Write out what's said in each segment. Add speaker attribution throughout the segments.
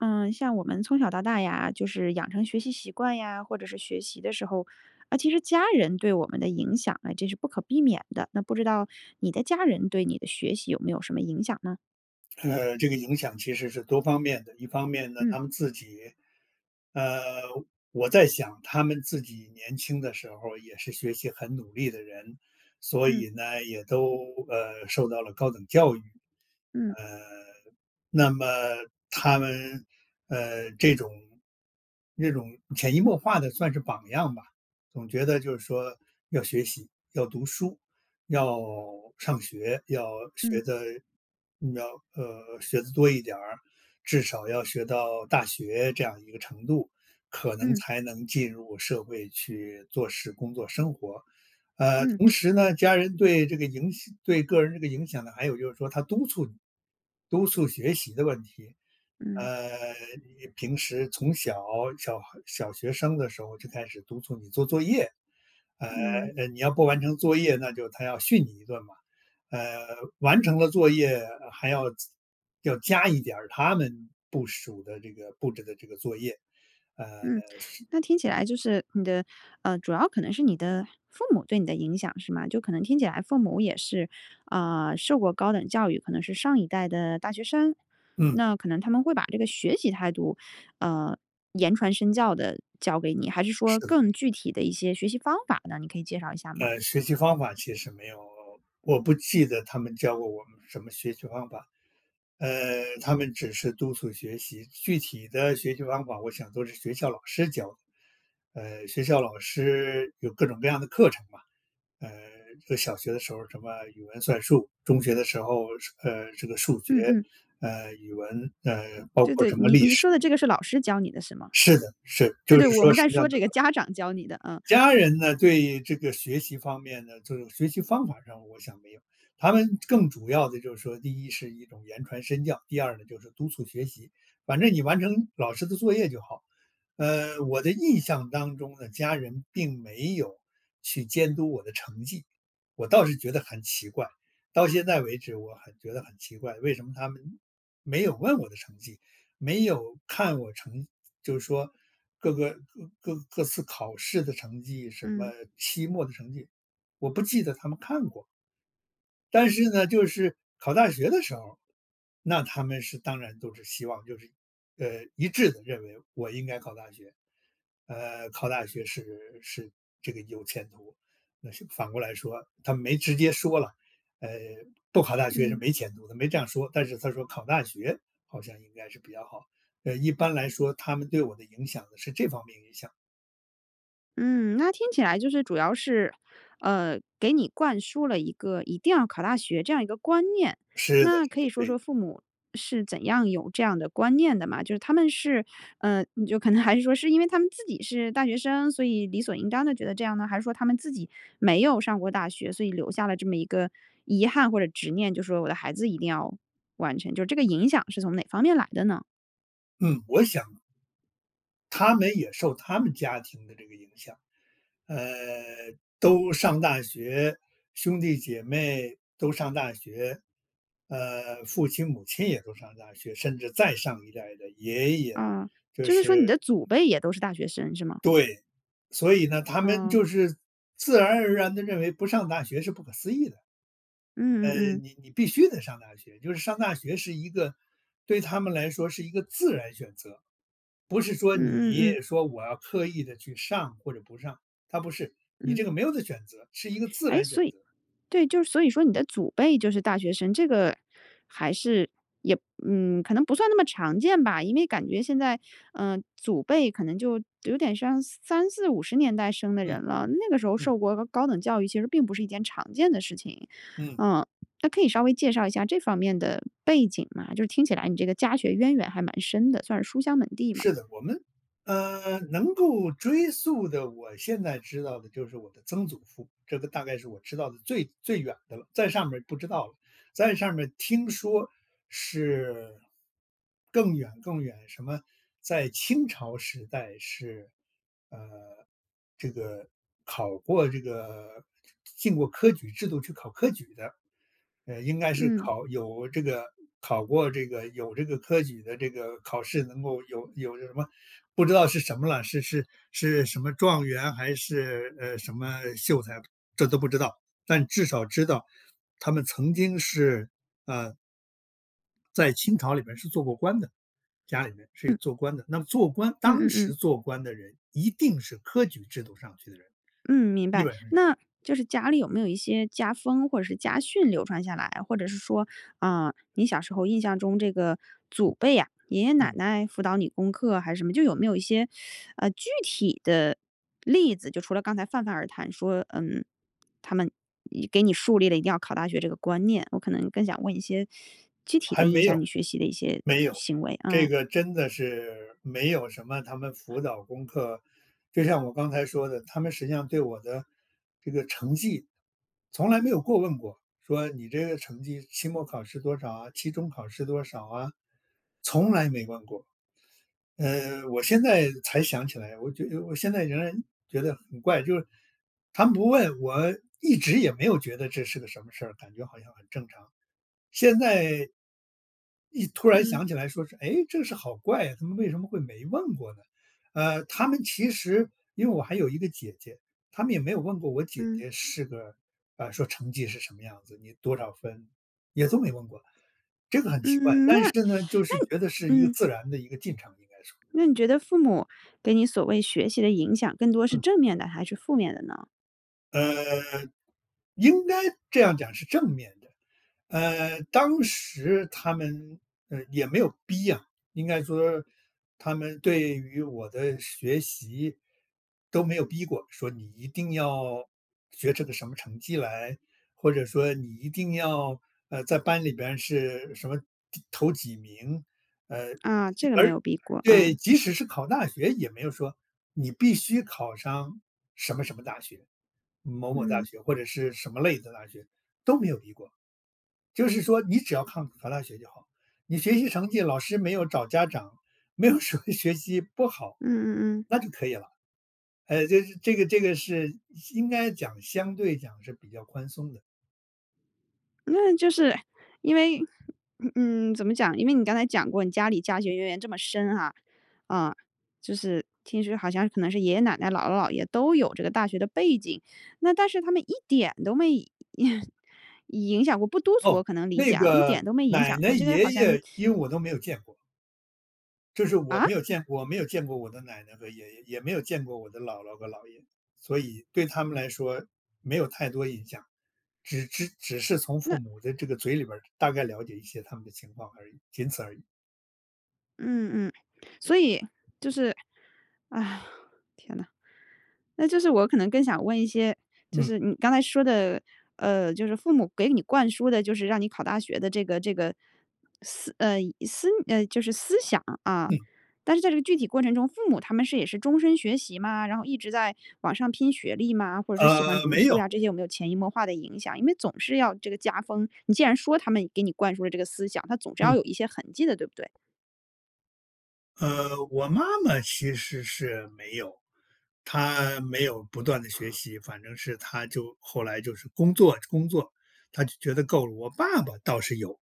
Speaker 1: 嗯，像我们从小到大呀，就是养成学习习惯呀，或者是学习的时候，呃，其实家人对我们的影响呢，这是不可避免的。那不知道你的家人对你的学习有没有什么影响呢？
Speaker 2: 呃，这个影响其实是多方面的。一方面呢，
Speaker 1: 嗯。
Speaker 2: 他们自己，呃，我在想他们自己年轻的时候，也是学习很努力的人。所
Speaker 1: 嗯。
Speaker 2: 以呢，也都，呃，受到了高等教育。
Speaker 1: 嗯。
Speaker 2: 呃，那么，他们，呃，这种那种潜移默化地算是榜样吧，总觉得就是说要学习，要读书，要上学，要
Speaker 1: 嗯。
Speaker 2: 学得，要呃，学得多一点儿，至少要学到大学这样一个程度，可能
Speaker 1: 嗯。
Speaker 2: 才能进入社会去做事工作生活。呃，
Speaker 1: 嗯。
Speaker 2: 同时呢，家人对这个影响对个人这个影响呢，还有就是说他督促你，督促学习的问题。
Speaker 1: 嗯。
Speaker 2: 呃，你平时从小，小孩小学生的时候，就开始督促你做作业，呃，
Speaker 1: 嗯。
Speaker 2: 呃，你要不完成作业，那就他要训你一顿嘛。呃，完成了作业还要要加一点儿他们部署的这个布置的这个作业，呃，
Speaker 1: 嗯，
Speaker 2: 是
Speaker 1: 那听起来就是你的，呃，主要可能是你的父母对你的影响，是吗？就可能听起来父母也是，呃，受过高等教育，可能是上一代的大学生。
Speaker 2: 嗯。
Speaker 1: 那可能他们会把这个学习态度，呃，言传身教地教给你？还是
Speaker 2: 是
Speaker 1: 说
Speaker 2: 的。
Speaker 1: 更具体的一些学习方法呢？你可以介绍一下吗？
Speaker 2: 呃，学习方法其实没有，我不记得他们教过我们什么学习方法。呃，他们只是督促学习。具体的学习方法，我想都是学校老师教的，呃，学校老师有各种各样的课程嘛，呃，小学的时候什么语文算术，中学的时候，呃，这个数学，
Speaker 1: 嗯嗯。
Speaker 2: 呃，语文，呃，包
Speaker 1: 对
Speaker 2: 括
Speaker 1: 对，
Speaker 2: 什么
Speaker 1: 你
Speaker 2: 历
Speaker 1: 你
Speaker 2: 史。
Speaker 1: 说的这个是老师教你的，是吗？
Speaker 2: 是的，是，
Speaker 1: 对
Speaker 2: 就
Speaker 1: 对，
Speaker 2: 是
Speaker 1: 我
Speaker 2: 说
Speaker 1: 们
Speaker 2: 什
Speaker 1: 在
Speaker 2: 么
Speaker 1: 说
Speaker 2: 样的
Speaker 1: 这个
Speaker 2: [unintelligible]
Speaker 1: 家长教你的，嗯。
Speaker 2: 家人呢，对这个学习方面的，就是学习方法上，我想没有。他们更主要的就是说，第一是一种言传身教，第二呢就是督促学习。反正你完成老师的作业就好。呃，我的印象当中呢，家人并没有去监督我的成绩，我倒是觉得很奇怪。到现在为止，我很觉得很奇怪，为什么他们没有问我的成绩，没有看我成就说，各个各各次考试的成绩，什么
Speaker 1: 嗯。
Speaker 2: 期末的成绩，我不记得他们看过。但是呢，就是考大学的时候，那他们是当然都是希望就是，呃，一致地认为我应该考大学，呃，考大学是是这个有前途。那是反过来说他没直接说啦，呃，不考大学是
Speaker 1: 嗯。
Speaker 2: 没前途的，没这样说，但是他说考大学好像应该是比较好，呃，一般来说他们对我的影响呢是这方面影响。
Speaker 1: 嗯，那听起来就是主要是，呃，给你灌输了一个一定要考大学这样一个观念。
Speaker 2: 是的
Speaker 1: 那
Speaker 2: 是
Speaker 1: 可以
Speaker 2: 的，
Speaker 1: 说
Speaker 2: 对。
Speaker 1: 说父母是怎样有这样的观念的嘛？就是他们是，呃，就可能还是说是因为他们自己是大学生，所以理所应当地觉得这样呢？还是说他们自己没有上过大学，所以留下了这么一个遗憾或者执念，就说我的孩子一定要完成，就这个影响是从哪方面来的呢？
Speaker 2: 嗯，我想他们也受他们家庭的这个影响，呃，都上大学，兄弟姐妹都上大学，呃，父亲母亲也都上大学，甚至再上一代的爷爷，
Speaker 1: 啊，
Speaker 2: 就
Speaker 1: 就是说你
Speaker 2: 是
Speaker 1: 的祖辈也都是大学生，是吗？
Speaker 2: 对，所以呢，他们
Speaker 1: 嗯。
Speaker 2: 就是自然而然地认为不上大学是不可思议的。
Speaker 1: 嗯
Speaker 2: 呃，
Speaker 1: 嗯嗯。
Speaker 2: 你你必须得上大学，就是上大学是一个对他们来说是一个自然选择，不是说
Speaker 1: 嗯嗯
Speaker 2: 你
Speaker 1: 嗯。
Speaker 2: 说我要刻意地去上或者不上，它不是，你这
Speaker 1: 嗯。
Speaker 2: 个没有的选择，是一个自
Speaker 1: 诶？
Speaker 2: 然选
Speaker 1: 所
Speaker 2: 择。
Speaker 1: 以对，就所以说你的祖辈就是大学生，这个还是也嗯，可能不算那么常见吧，因为感觉现在，呃，祖辈可能就有点像30、40、50年代生的
Speaker 2: 嗯，
Speaker 1: 人了。那个时候
Speaker 2: 嗯。
Speaker 1: 受过高等教育其实并不是一件常见的事情。
Speaker 2: 嗯。
Speaker 1: 嗯，那可以稍微介绍一下这方面的背景吗？就是听起来你这个家学渊源还蛮深的，算是书香门第嘛。
Speaker 2: 是的，我们，呃，能够追溯的，我现在知道的就是我的曾祖父，这个大概是我知道的最最远的了，再上面儿不知道了。再上面儿听说是，更远更远，什么在清朝时代是，呃，这个考过这个进过科举制度去考科举的，呃，应该是
Speaker 1: 嗯。
Speaker 2: 考有这个考过这个有这个科举的这个考试能够有有什么，不知道是什么了，是是是什么状元还是，呃，什么秀才，这都不知道，但至少知道他们曾经是，啊在清朝里面是做过官的，家里面是
Speaker 1: 嗯。
Speaker 2: 做官的。那么做官
Speaker 1: 嗯
Speaker 2: 当
Speaker 1: 嗯嗯。
Speaker 2: 时做官的人一定是科举制度上去的人，
Speaker 1: 嗯，明
Speaker 2: 基
Speaker 1: 白，
Speaker 2: 本上是。
Speaker 1: 那就是家里有没有一些家风或者是家训流传下来，或者是说，啊，你小时候印象中这个祖辈呀，爷爷奶
Speaker 2: 嗯。
Speaker 1: 奶辅导你功课，还是什么就有没有一些，呃，具体的例子，就除了刚才泛泛而谈说嗯，他们一给你树立了一定要考大学这个观念，我可能更想问一些具体
Speaker 2: 还
Speaker 1: 地影
Speaker 2: 没
Speaker 1: 响
Speaker 2: 有，
Speaker 1: 你学习的一些
Speaker 2: 没有，
Speaker 1: 行为，
Speaker 2: 这
Speaker 1: 啊。
Speaker 2: 个真的是，没有什么他们辅导功课。就像我刚才说的，他们实际上对我的这个成绩从来没有过问过，说你这个成绩，期末考试多少啊？期中考试多少啊，从来没问过。呃，我现在才想起来，我觉得我现在仍然觉得很怪，就是他们不问，我一直也没有觉得这是个什么事儿，感觉好像很正常，现在一突然
Speaker 1: 嗯。
Speaker 2: 想起来说是，诶，这个事好怪啊，他们为什么会没问过呢？呃，他们其实因为我还有一个姐姐，他们也没有问过我姐
Speaker 1: 嗯。
Speaker 2: 姐是个，啊，说成绩是什么样子，你多少分也都没问过。这个很奇怪，
Speaker 1: 嗯，那
Speaker 2: 但是
Speaker 1: 那
Speaker 2: 呢，就是觉得是一个
Speaker 1: 嗯。
Speaker 2: 自然的一个进程，应该说。
Speaker 1: 那你觉得父母给你所谓学习的影响更多是
Speaker 2: 嗯。
Speaker 1: 正面的还是负面的呢？
Speaker 2: 呃。应该这样讲是正面的。呃，当时他们，呃，也没有逼啊，应该说，他们对于我的学习都没有逼过，说你一定要学这个什么成绩来，或者说你一定要，呃，在班里边是什么第头几名，呃，
Speaker 1: 啊，这个没
Speaker 2: 而
Speaker 1: 有逼过，
Speaker 2: 对，
Speaker 1: 啊。
Speaker 2: 即使是考大学也没有说，你必须考上什么什么大学，某某大
Speaker 1: 嗯。
Speaker 2: 学，或者是什么类的大学，都没有逼过。就是说你只要抗考大学就好，你学习成绩老师没有找家长，没有什么学习不好，
Speaker 1: 嗯嗯嗯。
Speaker 2: 那就可以了。呃，这这个这个是应该讲，相对讲是比较宽松的。
Speaker 1: 嗯，就是因为，嗯，怎么讲？因为你刚才讲过你家里家学渊源这么深哈，嗯，就是听说好像可能是爷爷奶奶姥姥姥爷都有这个大学的背景，那但是他们一点都没 影响过不督促，我
Speaker 2: 噢，
Speaker 1: 可能理解
Speaker 2: 那
Speaker 1: 啊，一
Speaker 2: 个
Speaker 1: 点都没影
Speaker 2: 奶
Speaker 1: 响
Speaker 2: 奶
Speaker 1: 过，这个
Speaker 2: 爷
Speaker 1: 好像
Speaker 2: 爷，因为我都没有见过。就是我
Speaker 1: 啊？
Speaker 2: 没有见我没有见过我的奶奶和爷爷，也没有见过我的姥姥和姥爷，所以对他们来说没有太多印象，只只只是从
Speaker 1: 那
Speaker 2: 父母的这个嘴里边儿，大概了解一些他们的情况而已，仅此而已。
Speaker 1: 嗯嗯，所以，就是，天呐。那就是我可能更想问一些，就
Speaker 2: 嗯。
Speaker 1: 是你刚才说的，呃，就是父母给你灌输的就是让你考大学的这个这个思呃，思呃，就是思想，啊。
Speaker 2: 嗯。
Speaker 1: 但是在这个具体过程中，父母他们是也是终身学习吗？然后一直在网上拼学历吗？或者说喜欢
Speaker 2: 呃，
Speaker 1: 读
Speaker 2: 没
Speaker 1: 书
Speaker 2: 有。
Speaker 1: 呀，这些有没有潜移默化的影响，因为总是要这个加分。你既然说他们给你灌输了这个思想，他总是要
Speaker 2: 嗯。
Speaker 1: 有一些痕迹的，对不对？
Speaker 2: 呃，我妈妈其实是没有，她没有不断地学习，反正是她就后来就是工作工作，她就觉得够了。我爸爸倒是有，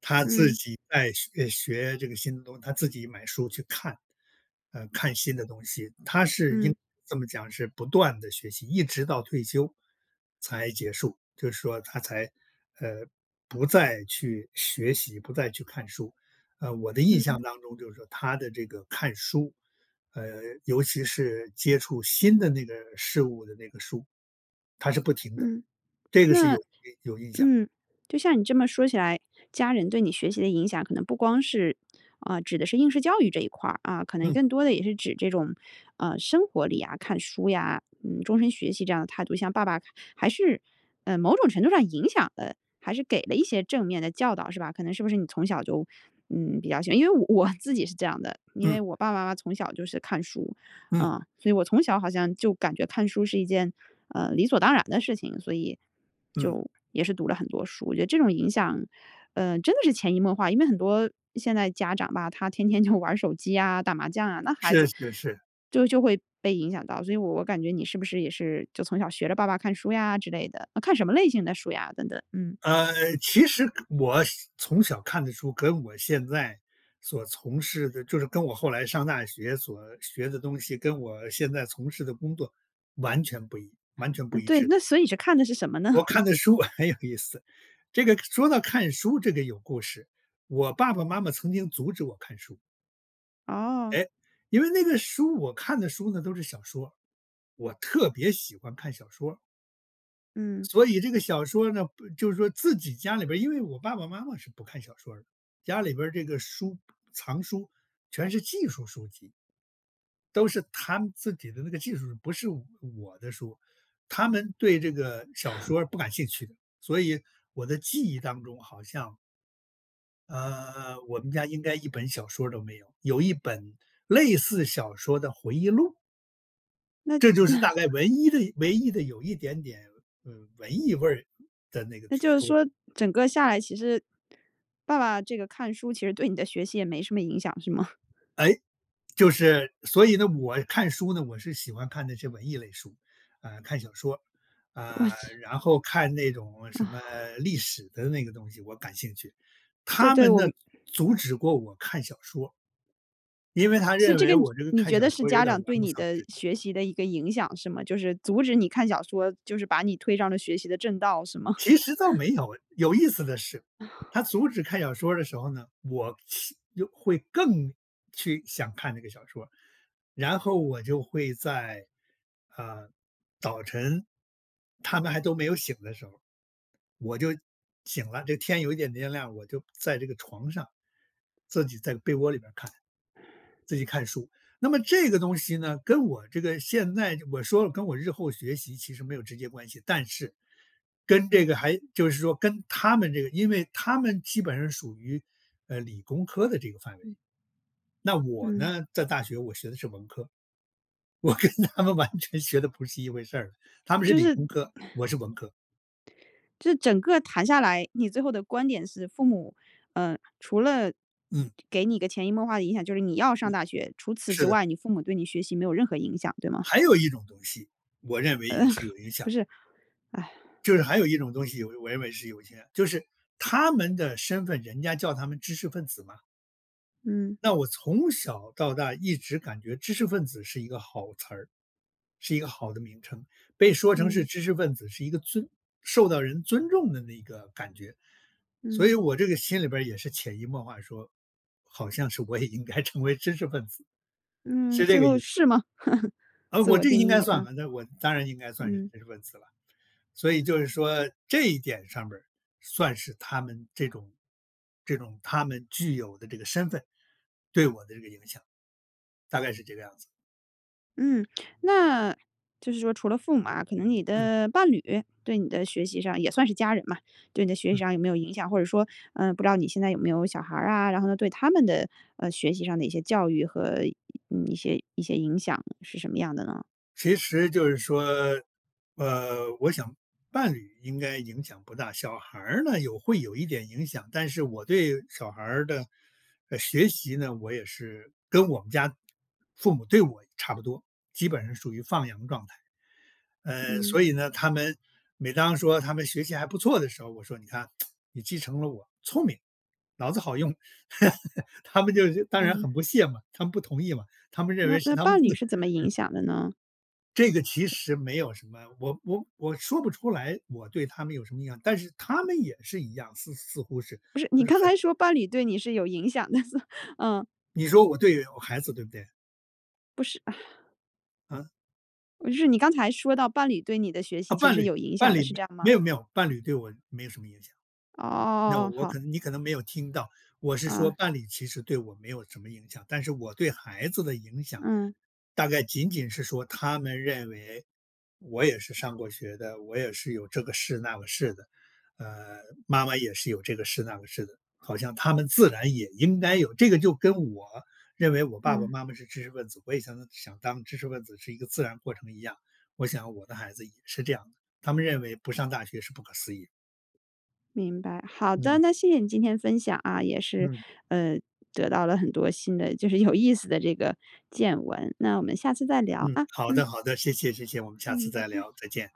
Speaker 2: 他自
Speaker 1: 嗯。
Speaker 2: 己在学诶，学这个新的东西，他自己买书去看，呃，看新的东西，他是应
Speaker 1: 嗯。
Speaker 2: 该这么讲是不断地学习，一直到退休，才结束，就是说他才，呃，不再去学习，不再去看书。呃，我的印
Speaker 1: 嗯。
Speaker 2: 象当中就是说他的这个看书，呃，尤其是接触新的那个事物的那个书，他是不停的，
Speaker 1: 嗯，
Speaker 2: 这个是
Speaker 1: 那
Speaker 2: 有印有印象。
Speaker 1: 嗯，就像你这么说起来，家人对你学习的影响，可能不光是啊，指的是应试教育这一块儿，啊，可能
Speaker 2: 嗯。
Speaker 1: 更多的也是指这种，呃，生活里呀，看书呀，嗯，终身学习这样的态度。像爸爸，还是，呃，某种程度上影响的，还是给了一些正面的教导是吧？可能是不是你从小就，嗯，比较喜欢因为我自己是这样的，因为
Speaker 2: 嗯。
Speaker 1: 我爸爸妈妈从小就是看书，
Speaker 2: 嗯。
Speaker 1: 嗯，所以我从小好像就感觉看书是一件，呃，理所当然的事情，所以，
Speaker 2: 嗯。
Speaker 1: 就也是读了很多书。我觉得这种影响，呃，真的是潜移默化。因为很多现在家长吧，他天天就玩儿手机呀，打麻将啊，那孩
Speaker 2: 是
Speaker 1: 子，
Speaker 2: 是是。
Speaker 1: 就就会被影响到。所以我我感觉你是不是也是，就从小学着爸爸看书呀之类的，那看什么类型的书呀，等等。嗯。
Speaker 2: 呃，其实看我从小看的书，跟我现在所从事的就是跟我后来上大学所学的东西，跟我现在从事的工作完全不一，完全不
Speaker 1: 嗯，
Speaker 2: 一
Speaker 1: 对，
Speaker 2: 致。
Speaker 1: 那所以你是看的是什么呢？
Speaker 2: 我 看的书很有意思，这个说到看书这个有故事，我爸爸妈妈曾经阻止我看书。
Speaker 1: 哦。
Speaker 2: 诶，因为那个书我看的书呢，都是小说，我特别喜欢看小说。
Speaker 1: 嗯。
Speaker 2: 所以这个小说呢，不就是说自己家里边儿因为我爸爸妈妈是不看小说儿的，家里边儿这个书藏书全是技术书籍。都是他们自己的那个技术，不是我的书，他们对这个小 说不感兴趣的，所以我的记忆当中好像呃，我们家应该1本小说儿都没有，有1本类似小说的回忆录。
Speaker 1: 那那
Speaker 2: 这就是大概唯一的唯一的有一点点，呃，文艺味儿的那个
Speaker 1: 那就是
Speaker 2: 书了。
Speaker 1: 说整个下来，其实爸爸这个看书，其实对你的学习也没什么影响是吗？
Speaker 2: 哎，就是所以呢，我看书呢，我是喜欢看那些文艺类书，呃，看小说儿，
Speaker 1: 哇
Speaker 2: 啊，
Speaker 1: 次
Speaker 2: 然后看那种什么
Speaker 1: 哦。
Speaker 2: 历史的那个东西，我感兴趣，
Speaker 1: 对
Speaker 2: 他
Speaker 1: 对，
Speaker 2: 们
Speaker 1: 我
Speaker 2: 呢，
Speaker 1: 明
Speaker 2: 阻止过我看小说。因为他
Speaker 1: 所以
Speaker 2: 认
Speaker 1: 这个
Speaker 2: 为我这个
Speaker 1: 你
Speaker 2: 看
Speaker 1: 觉
Speaker 2: 小
Speaker 1: 得是
Speaker 2: 说儿有
Speaker 1: 家
Speaker 2: 点儿
Speaker 1: 长
Speaker 2: 玩
Speaker 1: 对
Speaker 2: 物
Speaker 1: 你
Speaker 2: 丧
Speaker 1: 的
Speaker 2: 志。
Speaker 1: 学习的一个影响，是吗？就是阻止你看小说，就是把你推上了学习的正道，是吗？
Speaker 2: 其实倒 没有，有意思的是，他 阻止看小说儿的时候呢，我七就会更去想看这个小说儿，然后我就会在，呃，早晨他们还都没有醒的时候，我就醒了，这天有一点点亮，我就在这个床上，自己在被窝里面儿看，自己看书。那么这个东西呢，跟我这个现在我说跟我日后学习其实没有直接关系，但是跟这个还就是说跟他们这个因为他们基本上属于，呃，理工科的这个范围。
Speaker 1: 嗯。
Speaker 2: 那我
Speaker 1: 嗯。
Speaker 2: 呢，在大学我学的是文科。我跟他们完全学的不是一回事儿，他们是
Speaker 1: 就
Speaker 2: 理
Speaker 1: 是
Speaker 2: 工 科，我是文科。
Speaker 1: 这整个谈下来，你最后的观点是父母，呃，除了
Speaker 2: 嗯。
Speaker 1: 给你个潜移默化的影响，就是你要上
Speaker 2: 嗯，
Speaker 1: 大学，除此
Speaker 2: 是
Speaker 1: 之
Speaker 2: 的。
Speaker 1: 外，你父母对你学习没有任何影响，对吗？
Speaker 2: 还有一种东西，我认为也
Speaker 1: 呃，
Speaker 2: 是有影响
Speaker 1: 不
Speaker 2: 的。
Speaker 1: 是，哎。
Speaker 2: 就是还有一种东西，我认为是有影响的，就是他们的身份，人家叫他们知识分子嘛。
Speaker 1: 嗯。
Speaker 2: 那我从小到大一直感觉知识分子是一个好词儿，是一个好的名称。被说成是
Speaker 1: 嗯。
Speaker 2: 知识分子，是一个尊受到人尊重的那个感觉。所以
Speaker 1: 嗯。
Speaker 2: 我这个心里边儿也是潜移默化说，好像是我也应该成为知识分子。
Speaker 1: 嗯，
Speaker 2: 是这
Speaker 1: 最
Speaker 2: 个
Speaker 1: 后
Speaker 2: 意思。
Speaker 1: 是吗？
Speaker 2: 啊，
Speaker 1: 自
Speaker 2: 我
Speaker 1: 我
Speaker 2: 这个
Speaker 1: 定
Speaker 2: 应该
Speaker 1: 义，
Speaker 2: 算
Speaker 1: 啊。
Speaker 2: 吧，那我当然应该算是
Speaker 1: 嗯。
Speaker 2: 知识分子了。所以就是说这一点上面儿，算是他们这种这种他们具有的这个身份对我的这个影响，大概是这个样子。
Speaker 1: 嗯，那就是说除了父母啊，可能你
Speaker 2: 嗯。
Speaker 1: 的伴侣对你的学习上也算是家人嘛，对你的学习
Speaker 2: 嗯。
Speaker 1: 上有没有影响或者说，呃，不知道你现在有没有小孩儿啊，然后呢，对他们的，呃，学习上的一些教育和，呃，一些一些影响是什么样的呢？
Speaker 2: 其实就是说，呃，我想伴侣应该影响不大。小孩儿呢，有会有一点影响，但是我对小孩儿的，呃，学习呢，我也是跟我们家父母对我差不多，基本上属于放羊状态。呃，
Speaker 1: 嗯。
Speaker 2: 所以呢，他们每当说他们学习还不错的时候，我说你看 你继承了我聪明，脑子好用。他们就当然
Speaker 1: 嗯。
Speaker 2: 很不屑嘛，他们不同意嘛，他们认
Speaker 1: 那
Speaker 2: 为是
Speaker 1: 那
Speaker 2: 他们
Speaker 1: 伴侣
Speaker 2: 自
Speaker 1: 是怎么影
Speaker 2: 嗯。
Speaker 1: 响的呢？
Speaker 2: 这个其实没有什么，我我我说不出来，我对他们有什么样，但是他们也是一样，似似乎是，就是
Speaker 1: 不是，你刚
Speaker 2: 很
Speaker 1: 才说伴侣对你是有影响的，所嗯。
Speaker 2: 你说我对我孩子，对不对？
Speaker 1: 不是，唉。
Speaker 2: 嗯？
Speaker 1: 我就是你刚才说到伴侣对你的学习
Speaker 2: 啊，
Speaker 1: 其实
Speaker 2: 伴
Speaker 1: 是
Speaker 2: 侣
Speaker 1: 有影响
Speaker 2: 伴
Speaker 1: 的，
Speaker 2: 侣
Speaker 1: 是
Speaker 2: 没
Speaker 1: 这样吗？
Speaker 2: 没有没有，伴侣对我没有什么影响。
Speaker 1: 哦
Speaker 2: 那
Speaker 1: 哦哦哦，
Speaker 2: 我
Speaker 1: 好。
Speaker 2: 可能你可能没有听到，我是说
Speaker 1: 啊。
Speaker 2: 伴侣其实对我没有什么影响，但是我对孩子的影响
Speaker 1: 嗯。
Speaker 2: 大概仅仅是说，他们认为我也是上过学的，我也是有这个士那个士的，呃，妈妈也是有这个士那个士的，好像他们自然也应该有。这个就跟我认为我爸爸
Speaker 1: 嗯。
Speaker 2: 妈妈是知识分子，我也想能想当知识分子是一个自然过程一样。我想我的孩子也是这样的，他们认为不上大学是不可思议。
Speaker 1: 明白，好的，
Speaker 2: 嗯。
Speaker 1: 那谢谢你今天分享啊，也是，
Speaker 2: 嗯。
Speaker 1: 呃，得到了很多新的，就是有意思的这个见闻，那我们下次再聊，
Speaker 2: 嗯，
Speaker 1: 啊，
Speaker 2: 好
Speaker 1: 嗯。
Speaker 2: 的好的，谢谢谢谢，我们下次
Speaker 1: 嗯，拜
Speaker 2: 再
Speaker 1: 拜。
Speaker 2: 聊，再见。